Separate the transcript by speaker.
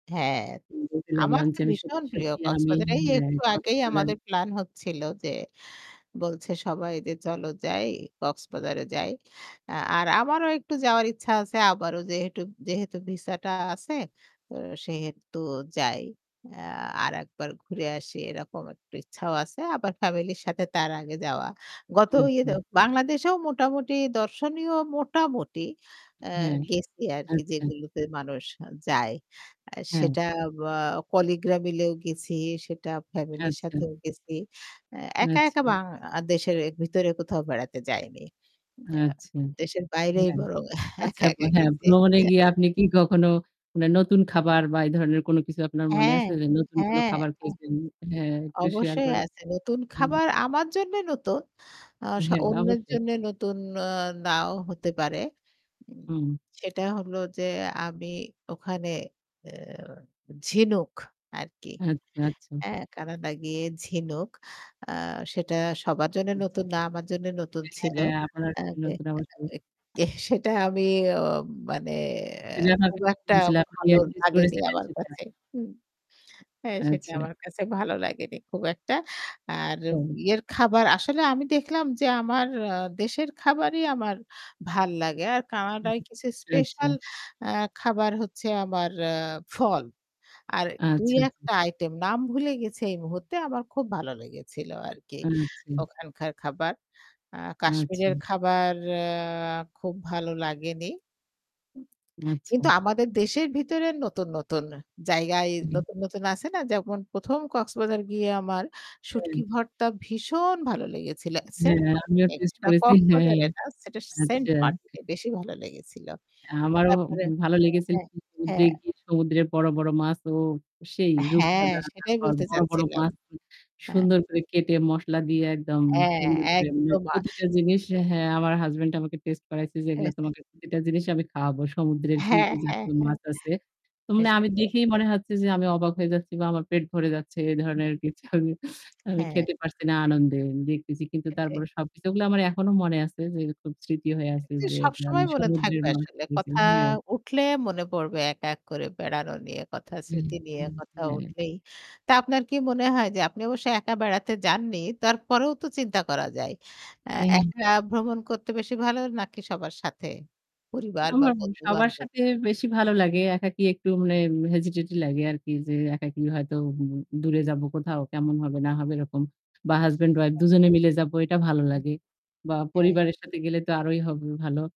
Speaker 1: হ্যাঁ
Speaker 2: বলতে
Speaker 1: আমার
Speaker 2: লাগলাম যে
Speaker 1: তো
Speaker 2: আমি
Speaker 1: ভীষণ
Speaker 2: সত্যি,
Speaker 1: প্রিয়
Speaker 2: সত্যি, আমি
Speaker 1: কক্সবাজারে এই
Speaker 2: হ্যা,
Speaker 1: একটু আগেই
Speaker 2: কক্সবাজার
Speaker 1: আমাদের প্ল্যান হচ্ছিল যে, বলছে সবাই যে চলো যাই কক্সবাজারে যাই আ আর আমারও একটু যাওয়ার ইচ্ছা আছে আবারও যেহেতু যেহেতু ভিসাটা আছে তো সেহেতু যাই আ আরেকবার ঘুরে আসি এরকম একটু ইচ্ছাও আছে আবার ফ্যামিলির সাথে তার আগে যাওয়া গত
Speaker 2: আচ্ছা।
Speaker 1: ইয়েতে বাংলাদেশেও মোটামুটি দর্শনীয় মোটামুটি এ্যা
Speaker 2: হ্যাঁ
Speaker 1: গেছি আরকি
Speaker 2: আচ্ছা।
Speaker 1: যেগুলোতে মানুষ যায়। আ
Speaker 2: হ্যা।
Speaker 1: সেটা আ কলিগরা মিলেও গেছি। সেটা ফ্যামিলির
Speaker 2: আচ্ছা।
Speaker 1: সাথেও গেছি। একা, একা,
Speaker 2: আচ্ছা।
Speaker 1: বাংলাদেশের ভিতরে কোথাও বেড়াতে যাইনি। আ
Speaker 2: আচ্ছা।
Speaker 1: দেশের বাইরেই
Speaker 2: হ্যাঁ
Speaker 1: বরং
Speaker 2: আচ্ছা
Speaker 1: একা, একা
Speaker 2: হ্যাঁ
Speaker 1: গেছি।
Speaker 2: ভ্রমণে
Speaker 1: হ্যা।
Speaker 2: গিয়ে আপনি কি কখনো মানে নতুন খাবার বা এই ধরনের কোন কিছু আপনার মনে
Speaker 1: হ্যাঁ,
Speaker 2: আছে যে নতুন কোন
Speaker 1: হ্যাঁ।
Speaker 2: খাবার খেয়েছেন? হ্যাঁ একটু শেয়ার
Speaker 1: অবশ্যই
Speaker 2: করেন।
Speaker 1: আছে। নতুন
Speaker 2: [unintelligible]
Speaker 1: খাবার আমার জন্যে নতুন। আ সা
Speaker 2: হ্যাঁ
Speaker 1: অন্যের
Speaker 2: অবশ্যই।
Speaker 1: জন্যে নতুন ও নাও হতে পারে। ঊম
Speaker 2: হম।
Speaker 1: সেটা হলো যে আমি ওখানে এ্যা ঝিনুক আর কি।
Speaker 2: আচ্ছা, আচ্ছা।
Speaker 1: এ্যা কানে লাগিয়ে ঝিনুক আ সেটা সবার জন্যে
Speaker 2: উ, জি।
Speaker 1: নতুন না আমার জন্য নতুন ছিল।
Speaker 2: হ্যাঁ আপনার
Speaker 1: আ যে
Speaker 2: নতুন অবশ্য।
Speaker 1: আ গে সেটা আমি ওম মানে এ্যা খুব
Speaker 2: [unintelligible]
Speaker 1: একটা
Speaker 2: সেটা
Speaker 1: ভালো
Speaker 2: আপনি
Speaker 1: লাগেনি
Speaker 2: করেছিলেন
Speaker 1: আমার
Speaker 2: সেটা?
Speaker 1: কাছে। হুম? হ্যা সেটা
Speaker 2: আচ্ছা।
Speaker 1: আমার কাছে ভালো লাগেনি খুব একটা। আর
Speaker 2: হুম।
Speaker 1: ইয়ের খাবার আসলে আমি দেখলাম যে আমার আ দেশের খাবারই আমার ভাল লাগে। আর কানাডায় কিছু
Speaker 2: আচ্ছা।
Speaker 1: স্পেশাল আ খাবার হচ্ছে আমার ফল। আর
Speaker 2: আচ্ছা।
Speaker 1: ২-১ টা আইটেম নাম ভুলে গেছি এই মুহূর্তে আমার খুব ভালো লেগেছিল আরকি
Speaker 2: আচ্ছা।
Speaker 1: ওখানকার খাবার। আ
Speaker 2: আচ্ছা।
Speaker 1: কাশ্মীরের খাবার আ খুব ভালো লাগেনি। উ কিন্তু
Speaker 2: আচ্ছা।
Speaker 1: আমাদের দেশের ভিতরে নতুন, নতুন, জায়গায়
Speaker 2: হুম।
Speaker 1: নতুন, নতুন, আছে না যেমন ১ম কক্সবাজার গিয়ে আমার
Speaker 2: হম।
Speaker 1: শুটকি ভর্তা ভীষণ ভালো লেগেছিল।
Speaker 2: হ্যাঁ,
Speaker 1: সেন্ট
Speaker 2: হ্যা,
Speaker 1: মার্টিন
Speaker 2: আমিও টেস্ট করেছি। হ্যাঁ।
Speaker 1: কক্সবাজারে না সেটা সেন্ট
Speaker 2: আচ্ছা।
Speaker 1: মার্টিনে বেশি ভালো লেগেছিল।
Speaker 2: আমারও
Speaker 1: তারপরে
Speaker 2: ভালো
Speaker 1: অ
Speaker 2: লেগেছিল।
Speaker 1: হ্যাঁ,
Speaker 2: সমুদ্রে
Speaker 1: হ্যাঁ।
Speaker 2: গিয়ে সমুদ্রের বড়, বড়, মাছ ও সেই
Speaker 1: হ্যাঁ
Speaker 2: রূপচাঁদা
Speaker 1: সেটাই
Speaker 2: তারপর
Speaker 1: বলতে
Speaker 2: বড়, বড়,
Speaker 1: চাচ্ছিলাম।
Speaker 2: মাছ
Speaker 1: হ্যাঁ
Speaker 2: সুন্দর করে কেটে মসলা দিয়ে একদম
Speaker 1: হ্যাঁ
Speaker 2: সুন্দর করে মে
Speaker 1: একদম আ
Speaker 2: প্রতিটা জিনিস হ্যাঁ আমার হাসব্যান্ড আমাকে টেস্টে করাইছে যে এগুলো তোমাকে প্রতিটা জিনিস আমি খাওয়াবো। সমুদ্রের কি,
Speaker 1: হ্যাঁ,
Speaker 2: কি,
Speaker 1: হ্যাঁ,
Speaker 2: জাতীয়
Speaker 1: হ্যাঁ।
Speaker 2: মাছ আছে। তো আমি
Speaker 1: [unintelligible]
Speaker 2: দেখেই মনে হচ্ছে যে আমি অবাক হয়ে যাচ্ছি বা আমার পেট ভরে যাচ্ছে। এ ধরনের কিছু। আমি আমি
Speaker 1: হ্যাঁ।
Speaker 2: খেতে পারছি না আনন্দে দেখতেছি। কিন্তু
Speaker 1: সেটাই।
Speaker 2: তারপরে সবকিছুগুলো আমার এখনো মনে আছে যে খুব স্মৃতি হয়ে আছে
Speaker 1: জি,
Speaker 2: যে
Speaker 1: সবসময় মনে
Speaker 2: সমুদ্রের
Speaker 1: থাকবে
Speaker 2: মাছ।
Speaker 1: আসলে কথা উঠলে মনে পড়বে এক, এক, করে বেড়ানো নিয়ে কথা
Speaker 2: হু,
Speaker 1: স্মৃতি নিয়ে
Speaker 2: হুম,
Speaker 1: কথা
Speaker 2: হুম হ্যাঁ।
Speaker 1: উঠলেই। তা আপনার কি মনে হয় যে আপনি অবশ্যই একা বেড়াতে যাননি। তারপরেও তো চিন্তা করা যায়। অ্যা
Speaker 2: [unintelligible]
Speaker 1: একা ভ্রমণ করতে বেশি ভালো নাকি সবার সাথে পরিবার বা
Speaker 2: আমার সবার
Speaker 1: বন্ধু-বান্ধব?
Speaker 2: সাথে বেশি ভালো লাগে। একাকী একটু মানে হেজিটেজি লাগে আরকি যে একাকী হয়তো দূরে যাব কোথাও কেমন হবে না হবে এরকম, বা হাসব্যান্ড উইফ ২ জনে মিলে যাব এটা ভালো লাগে। বা
Speaker 1: হুম।
Speaker 2: পরিবারের সাথে গেলে তো আরোই হবে ভালো।